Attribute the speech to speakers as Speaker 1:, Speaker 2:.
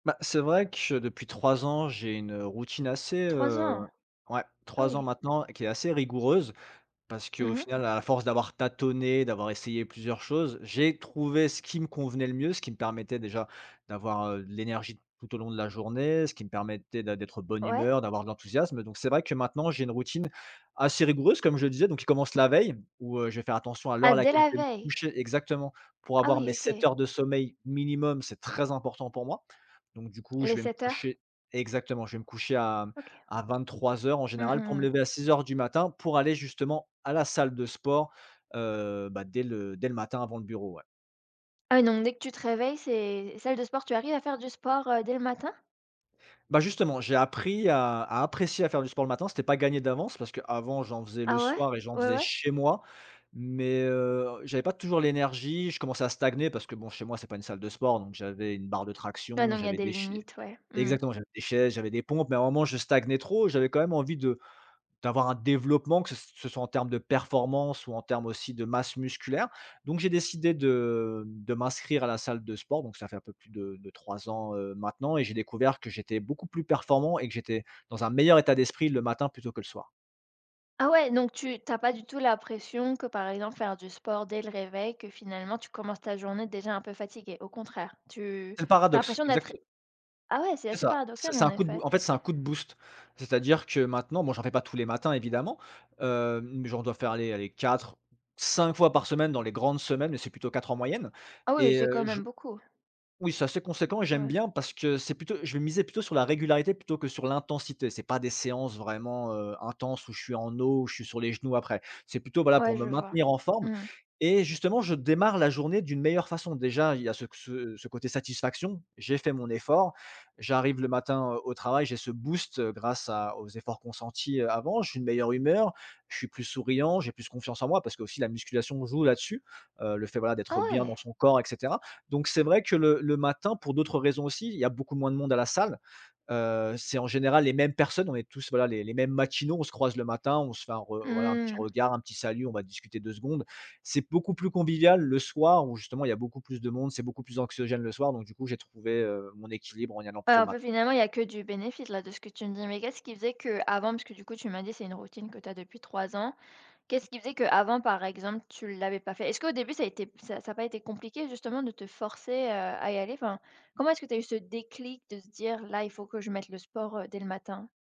Speaker 1: Bah c'est vrai que depuis 3 ans j'ai une routine assez,
Speaker 2: 3 ans?
Speaker 1: heu ouais
Speaker 2: Ah
Speaker 1: 3 ans
Speaker 2: oui.
Speaker 1: maintenant, qui est assez rigoureuse parce qu'au
Speaker 2: Mmh mh.
Speaker 1: final à force d'avoir tâtonné, d'avoir essayé plusieurs choses, j'ai trouvé ce qui me convenait le mieux, ce qui me permettait déjà d'avoir, heu, de l'énergie tout au long de la journée, ce qui me permettait d'ê d'être bonne
Speaker 2: Ouais.
Speaker 1: humeur, d'avoir de l'enthousiasme, donc c'est vrai que maintenant j'ai une routine assez rigoureuse comme je le disais, donc qui commence la veille, où, heu, je vais faire attention à l'heure
Speaker 2: Ah
Speaker 1: à
Speaker 2: dés
Speaker 1: laquelle je
Speaker 2: la
Speaker 1: vais me
Speaker 2: veille?
Speaker 1: coucher exactement, pour
Speaker 2: Ah
Speaker 1: avoir
Speaker 2: oui,
Speaker 1: mes 7
Speaker 2: OK.
Speaker 1: heures de sommeil minimum, c'est très important pour moi, donc du coup je
Speaker 2: Les
Speaker 1: vais me
Speaker 2: 7 heures?
Speaker 1: coucher exactement, je vais me coucher à
Speaker 2: OK.
Speaker 1: à 23:00 en
Speaker 2: Mmh
Speaker 1: général, pour
Speaker 2: mh
Speaker 1: me
Speaker 2: mh.
Speaker 1: lever à 06:00 du matin pour aller justement à la salle de sport, heu, bah dès le dés le matin avant le bureau ouais.
Speaker 2: Ah, donc dès que tu te réveilles, c'est salle de sport. Tu arrives à faire du sport, heu, dès le matin?
Speaker 1: Bah justement, j'ai appris à à apprécier à faire du sport le matin, c'était pas gagné d'avance parce qu'avant j'en faisais le
Speaker 2: Ah, ouais?
Speaker 1: soir et j'en
Speaker 2: Ouais,
Speaker 1: faisais
Speaker 2: ouais.
Speaker 1: chez moi, mais heu, j'avais pas toujours l'énergie, je commençais à stagner parce que bon chez moi c'est pas une salle de sport, donc j'avais une barre de
Speaker 2: Ah,
Speaker 1: traction,
Speaker 2: donc il y a
Speaker 1: j'avais
Speaker 2: des
Speaker 1: des chai
Speaker 2: limites, ouais. Mmh.
Speaker 1: exactement, j'avais des chaises, j'avais des pompes, mais à un moment je stagnais trop, j'avais quand même envie de d'avoir un développement que ce s ce soit en terme de performance ou en terme aussi de masse musculaire, donc j'ai décidé de de m'inscrire à la salle de sport donc ça fait un peu plus de de 3 ans, heu, maintenant et j'ai découvert que j'étais beaucoup plus performant et que j'étais dans un meilleur état d'esprit le matin plutôt que le soir.
Speaker 2: Ah ouais, donc tu tu as pas du tout la pression que, par exemple, faire du sport dès le réveil, que finalement tu commences ta journée déjà un peu fatigué, au contraire? Tu
Speaker 1: C'est le
Speaker 2: tu as
Speaker 1: paradoxe
Speaker 2: l'impression
Speaker 1: exacte
Speaker 2: d'être ah ouais, c'est
Speaker 1: C'est
Speaker 2: assez
Speaker 1: ça, c'est
Speaker 2: paradoxal,
Speaker 1: c'est
Speaker 2: en
Speaker 1: un coup de b
Speaker 2: effet.
Speaker 1: en fait c'est un coup de boost. C'est-à-dire que maintenant, bon j'en fais pas tous les matins évidemment, heu, mais genre je dois faire allez allez 4-5 fois par semaine dans les grandes semaines, mais c'est plutôt 4 en moyenne
Speaker 2: Ah oui,
Speaker 1: et
Speaker 2: c'est quand
Speaker 1: heu, je
Speaker 2: même beaucoup.
Speaker 1: oui c'est assez conséquent et j'aime
Speaker 2: Ouais.
Speaker 1: bien parce que c'est plutôt je vais miser plutôt sur la régularité plutôt que sur l'intensité, c'est pas des séances vraiment, heu, intenses où je suis en eau, où je suis sur les genoux après. C'est plutôt voilà, pour
Speaker 2: Ouais
Speaker 1: me
Speaker 2: je vois.
Speaker 1: maintenir en forme
Speaker 2: Mmh.
Speaker 1: et justement je démarre la journée d'une meilleure façon. Déjà il y a ce c ce ce côté satisfaction, j'ai fait mon effort, j'arrive le matin au travail, j'ai ce boost grâce à aux efforts consentis, heu, avant, je suis de meilleure humeur, je suis plus souriant, j'ai plus confiance en moi parce qu'aussi la musculation joue là-dessus, heu, le fait voilà,
Speaker 2: Ah,
Speaker 1: d'être bien dans
Speaker 2: ouais!
Speaker 1: son corps et cetera, donc c'est vrai que le le matin pour d'autres raisons aussi, il y a beaucoup moins de monde à la salle, heu, c'est en général les mêmes personnes, on est tous voilà les les mêmes matinaux, on se croise le matin, on se fait un re voilà, un petit
Speaker 2: Mmh.
Speaker 1: regard, un petit salut, on va discuter 2 secondes. C'est beaucoup plus convivial le soir où, justement, il y a beaucoup plus de monde, c'est beaucoup plus anxiogène le soir donc du coup j'ai trouvé, heu, mon équilibre en y allant
Speaker 2: Ouais
Speaker 1: plutôt
Speaker 2: un
Speaker 1: le matin.
Speaker 2: peu finalement il y a que du bénéfice là de ce que tu me dis, mais qu'est-ce qui faisait qu'avant, parce que du coup tu m'as dit c'est une routine que tu as depuis 3 ans, qu'est-ce qui faisait qu'avant par exemple tu l'avais pas fait? Est-ce qu'au début ça était ça ça a pas été compliqué justement de te forcer, heu, à y aller? Enfin, comment est-ce que tu as eu ce déclic de se dire là il faut que je mette le sport dès le matin?